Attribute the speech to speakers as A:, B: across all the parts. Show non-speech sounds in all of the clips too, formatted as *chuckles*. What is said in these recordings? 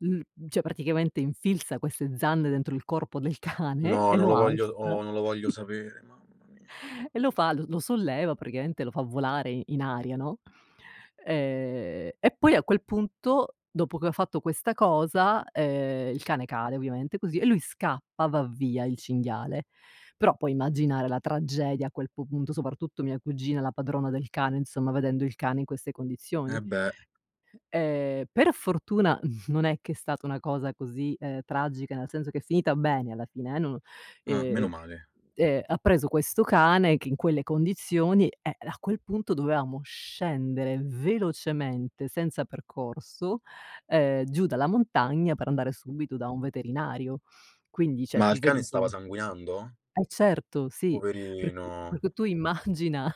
A: Mh, cioè, praticamente infilza queste zanne dentro il corpo del cane
B: No,
A: e
B: non
A: lo
B: lo voglio
A: alza.
B: oh, non lo voglio
A: *chuckles*
B: sapere, mamma mia.
A: E lo fa, lo lo solleva praticamente, lo fa volare in aria, no. Ehm, e poi a quel punto, dopo che ho fatto questa cosa, ehm il cane cade ovviamente così, e lui scappa, va via il cinghiale. Però puoi immaginare la tragedia a quel pu punto, soprattutto mia cugina, la padrona del cane, insomma vedendo il cane in queste condizioni.
B: Eh beh.
A: Ehm per fortuna, *chuckles* non è che è stata una cosa così ehm tragica, nel senso che è finita bene alla fine e non
B: Ah
A: ehm,
B: meno male.
A: e ha preso questo cane che in quelle condizioni eh a quel punto dovevamo scendere velocemente senza percorso ehm giù dalla montagna per andare subito da un veterinario. Quindi cioè,
B: Ma
A: tu
B: il
A: vedi
B: cane stava
A: insomma
B: sanguinando?
A: Eh certo, sì. Per cu per
B: Poverino!
A: cui tu immagina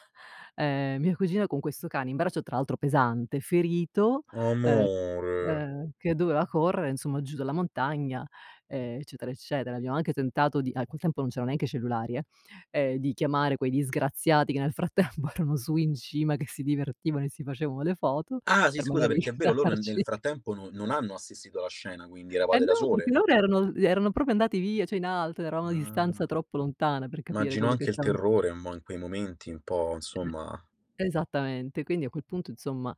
A: ehm, mia cugina con questo cane in braccio tra l'altro pesante, ferito, ehm,
B: Amore!
A: ehm che doveva correre insomma giù dalla montagna, ehm, eccetera, eccetera. Abbiamo anche tentato di a quel tempo non c'erano neanche cellulari eh, ehm di chiamare quei disgraziati che nel frattempo erano su in cima che si divertivano e si facevano le foto
B: Ah sì
A: per
B: scusa
A: magari
B: perché è vero loro n nel
A: aiutarci.
B: frattempo no non hanno assistito alla scena, quindi
A: E
B: eravate da
A: no, perché
B: sole.
A: loro erano erano proprio andati via, cioè, in alto, eravamo a distanza
B: Ah.
A: troppo lontana per capire
B: Immagino
A: quello che
B: anche il
A: stavano s
B: terrore mo in quei momenti un po' insomma.
A: Esattamente, quindi a quel punto insomma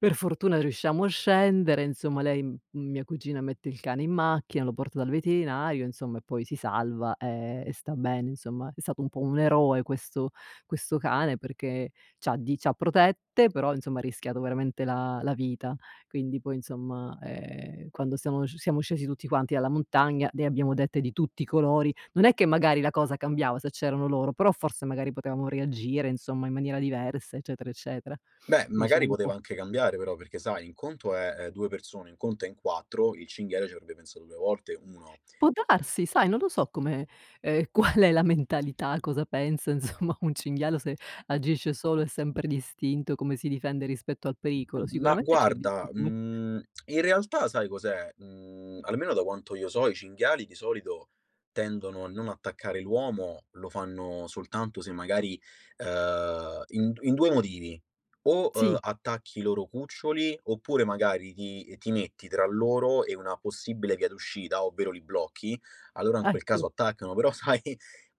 A: per fortuna riusciamo a scendere, insomma lei m mia cugina mette il cane in macchina, lo porta dal veterinario insomma e poi si salva e e sta bene insomma. È stato un po' un eroe questo questo cane perché c'ha di c'ha protette, però insomma ha rischiato veramente la la vita. Quindi poi insomma, ehm, quando siamo siamo scesi tutti quanti dalla montagna ne abbiamo dette di tutti i colori. Non è che magari la cosa cambiava se c'erano loro, però forse magari potevamo reagire insomma in maniera diversa eccetera eccetera.
B: Beh
A: Quindi diciamo
B: magari
A: un
B: poteva
A: po'
B: anche cambiare però perché sai un conto è uhm 2 persone, in conto è in 4, il cinghiale ci avrebbe pensato due volte, 1.
A: Può darsi, sai, non lo so come ehm qual è la mentalità, cosa pensa insomma un cinghiale se agisce solo e sempre d'istinto, come si difende rispetto al pericolo.
B: Ma
A: Sicuramente ci ha visto
B: guarda
A: come
B: mhmm, in realtà sai cos'è, mhmm almeno da quanto io so i cinghiali di solito tendono a non attaccare l'uomo, lo fanno soltanto se magari, ehm, in d in 2 motivi, o, uhm,
A: Sì.
B: attacchi i loro cuccioli oppure magari ti ti metti tra loro e una possibile via d'uscita ovvero li blocchi. Allora in quel
A: Ecco.
B: caso attaccano, però sai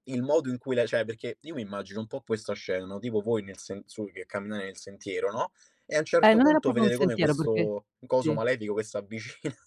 B: il modo in cui la cioè, perché io mi immagino un po' questa scena, no, tipo voi nel sen su che camminate nel sentiero, no, e a un
A: Eh
B: certo
A: non era
B: punto
A: proprio un
B: vedere come
A: sentiero perché
B: questo coso
A: si
B: malefico che s'avvicina.